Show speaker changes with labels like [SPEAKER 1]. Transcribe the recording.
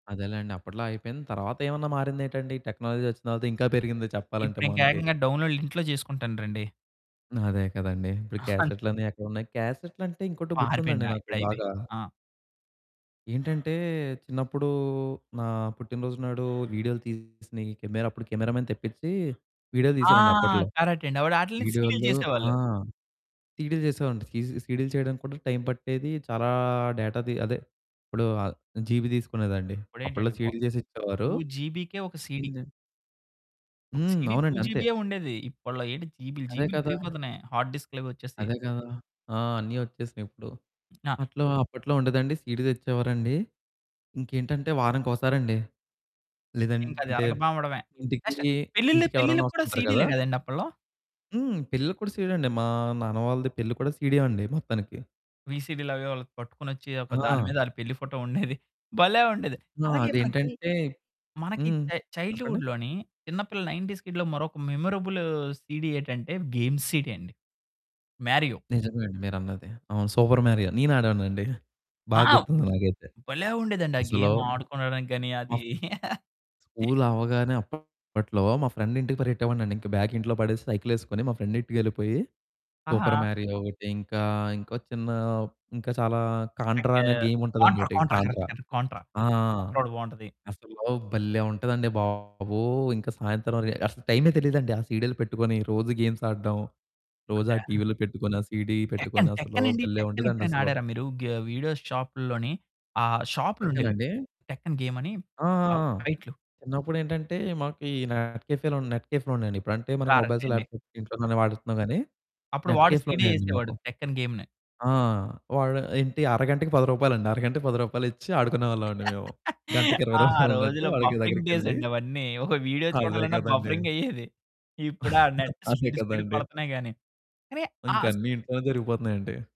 [SPEAKER 1] అదేలేండి, అప్పట్లో అయిపోయింది. తర్వాతేవన్నా మారిందేటండి, టెక్నాలజీ ఒచ్చిన తర్వాత ఇంకా పెరిగింది చెప్పాలంటే మనకి.
[SPEAKER 2] ఇప్పుడింకేకంగా డౌన్లోడ్లు ఇంట్లో చేసుకుంటన్రండి.
[SPEAKER 1] అదే కదండీ. ఇప్పుడు
[SPEAKER 2] ఆ! అంత్
[SPEAKER 1] క్యాసెట్‌లన్నీ ఎక్కడున్నాయి. క్యాసెట్లంటే, ఇంకోటి గుర్తుందండి
[SPEAKER 2] పారిపోయిందా.
[SPEAKER 1] నాకు
[SPEAKER 2] ఇప్పుడయిపోయింది.
[SPEAKER 1] బాగా
[SPEAKER 2] ఆ!
[SPEAKER 1] ఏంటంటే, చిన్నప్పుడూ నా పుట్టినరోజు నాడూ వీడియోలు తీసినియి, కెమెరా అప్పుడు కెమెరా మ్యాన్ తెప్పిచ్చీ వీడియోలు
[SPEAKER 2] ఆ!
[SPEAKER 1] తీసారండి అప్పట్లో.
[SPEAKER 2] కరక్టండి. అప్పుడు ఆటిలినే సీరియల్
[SPEAKER 1] వీడియోల్లో ఆ!
[SPEAKER 2] చేసేవాళ్ళు.
[SPEAKER 1] సీడీలు చేసేవారండి. సీజీ సీడీలు చెయడానికి కూడా టైం పట్టేదీ. చాలా డేటాది అదే, ఇప్పుడు ఆహ్, జీబీ దీసుకునేదండి. అప్పడలో
[SPEAKER 2] అప్పుడేంటండి బ
[SPEAKER 1] సీడీలు చేసిచ్చేవారు.
[SPEAKER 2] 2 జీబీకే ఒక సీడీ.
[SPEAKER 1] ఇందన్
[SPEAKER 2] ఒక
[SPEAKER 1] హ్మ్.
[SPEAKER 2] సీడీ 2
[SPEAKER 1] అవునండి. అంతే.
[SPEAKER 2] జీబీయే ఉండేది. ఇప్పడలో ఏంటి జీబీలు,
[SPEAKER 1] అదే
[SPEAKER 2] జీబీలు
[SPEAKER 1] కదా!
[SPEAKER 2] పెరిగిపోతన్నాయి. హార్డ్ డిస్కులవొచ్చేసి.
[SPEAKER 1] అదే కదా! ఆ! అన్నీ ఒచ్చేసినియిప్పుడు.
[SPEAKER 2] నా
[SPEAKER 1] అట్లో, అప్పట్లో ఉండేదండి. సీడీ తెచ్చేవారండి. ఇంకేంటంటే, వారాంకోసారండి,
[SPEAKER 2] ఇంకది
[SPEAKER 1] లేదంటే
[SPEAKER 2] అరగకపావడమే.
[SPEAKER 1] ఇంటికీ,
[SPEAKER 2] నెక్స్ట్ పెళ్ళిళ్ళ
[SPEAKER 1] ఇంటికెవరన్నా
[SPEAKER 2] పెళ్ళిళ్ళకు కూడా
[SPEAKER 1] వస్తుంటారు
[SPEAKER 2] సీడీలే
[SPEAKER 1] కదా!
[SPEAKER 2] గదండి అప్పడలో?
[SPEAKER 1] హ్మ్. పెళ్లికి కూడా సీడీ అండి. మా నాన్న వాళ్ళది పెళ్లి కూడా సీడీ అండి మొత్తానికి.
[SPEAKER 2] వీసీడీలవే వాళ్ళకు పట్టుకోనొచ్చి, ఒక దాని
[SPEAKER 1] ఆ!
[SPEAKER 2] మీద ఆళ్ళ పెళ్లి ఫోటో ఉండేది. భలే ఉండేది.
[SPEAKER 1] ఆ!
[SPEAKER 2] అలాగే మనకి,
[SPEAKER 1] అదేంటంటే
[SPEAKER 2] మనకి
[SPEAKER 1] హ్మ్.
[SPEAKER 2] చై
[SPEAKER 1] చెప్పండి.
[SPEAKER 2] చైల్డ్‌హుడ్‌లోని చిన్నపిల్ల నైన్టీస్ కిడ్‌లో మరొక మెమరబులూ సీడీ ఏంటంటే, గేమ్స్ సీడీ అండి. 'మారియో.'
[SPEAKER 1] నిజమే అండి మీరన్నది. అవును. Super Mario. నేను ఆడేవాడినండి.
[SPEAKER 2] ఆ!
[SPEAKER 1] బాగా గుర్తుంది నాకైతే.
[SPEAKER 2] భలే ఉండేదండి. ఆ
[SPEAKER 1] అసలూ
[SPEAKER 2] గేమాడుకోనడానికి గానీ, అదీ
[SPEAKER 1] మఫ్ స్కూలవ్వగానే అప్పట్లో మా ఫ్రెండింటికి పరిగెట్టేవాడినండి. ఇంక బ్యాగ్ ఇంట్లో పడేసి, సైకిలేసుకొని మా ఫ్రెండింటికెళ్ళిపోయి, సూపర్
[SPEAKER 2] ఆహా!
[SPEAKER 1] మారియో ఒకటి, ఇంకా, ఇంకో చిన్నా, ఇంకా చాలా
[SPEAKER 2] ఎ
[SPEAKER 1] కాంట్రా
[SPEAKER 2] కా
[SPEAKER 1] అనే
[SPEAKER 2] కాంట్రా,
[SPEAKER 1] గేముంటదండోకటి
[SPEAKER 2] Contra correct,
[SPEAKER 1] Contra.
[SPEAKER 2] Correct. Contra.
[SPEAKER 1] ఆ!
[SPEAKER 2] కాంట్రోటి బావుంటది.
[SPEAKER 1] అసలు భలే ఉంటదండి బాబూ. ఇంక సాయంత్రం రె అసలు టైమే తెలీదండి. ఆ సీడీలు పెట్టుకొని రోజూ గేమ్స్ ఆడడం. రోజు ఆ
[SPEAKER 2] భల్లే
[SPEAKER 1] టీవీలో పెట్టుకొని, ఆ సీడీ
[SPEAKER 2] టెక్కన్,
[SPEAKER 1] పెట్టుకొనసలూ
[SPEAKER 2] టెక్కనండి.
[SPEAKER 1] భలే
[SPEAKER 2] టెక్కనెప్పుడైనా
[SPEAKER 1] ఉండేదండసలు.
[SPEAKER 2] ఆడారా మీరు గ వీడియో షాపుల్లోని? ఆహ్, షాప్‌లుంఉండేవి
[SPEAKER 1] టెక్కనండి?
[SPEAKER 2] టెక్కన్ గేమని.
[SPEAKER 1] ఆ! ఆ!
[SPEAKER 2] ఆహ్,
[SPEAKER 1] ఆ!
[SPEAKER 2] ఫైట్లు.
[SPEAKER 1] చిన్నప్పుడేంటంటే, మాకు ఈ నెట్ కేఫేలు, నెట్ కేఫ్‌లుండేయండి. ఇప్పుడంటే మనకి మొబైల్స్,
[SPEAKER 2] కరక్టండి. హ్మ్.
[SPEAKER 1] ల్యాప్టాప్స్ ఇంట్లోనే గానీ వాడేత్తన్నాం గానీ,
[SPEAKER 2] అప్పుడు
[SPEAKER 1] నెట్
[SPEAKER 2] వాడు సీడీ
[SPEAKER 1] కేఫులుండేయండి
[SPEAKER 2] యేసేవాడు
[SPEAKER 1] మాకు.
[SPEAKER 2] టెక్కన్ గేమ్‌ని.
[SPEAKER 1] ఆ! వాడు ఏంటి, అరగంటకి 10 రూపాయలండి. అరగంటకి 10 రూపాయలిచ్చి ఆడుకునేవాళ్ళవండి మేము. గంటకి 20
[SPEAKER 2] ఆ
[SPEAKER 1] రూపాయలన్నట్టు
[SPEAKER 2] రోజుల్లో
[SPEAKER 1] వాడికి
[SPEAKER 2] బఫరింగ్
[SPEAKER 1] దగ్గరకెళ్ళి
[SPEAKER 2] డేసండి అవన్నీ. ఓ వీడియో
[SPEAKER 1] అదే
[SPEAKER 2] చూడాలన్న
[SPEAKER 1] కదండి!
[SPEAKER 2] బఫరింగయ్యేది. ఇప్పుడు ఆ నెట్
[SPEAKER 1] అదే
[SPEAKER 2] స్పీడ్ స్పీడ్‌గా
[SPEAKER 1] కదండి.
[SPEAKER 2] పడతన్నాయి గానీ, కానీ ఆహ్, అస్
[SPEAKER 1] ఇంకన్నీ ఇంట్లోనే జరిగిపోతున్నాయండి.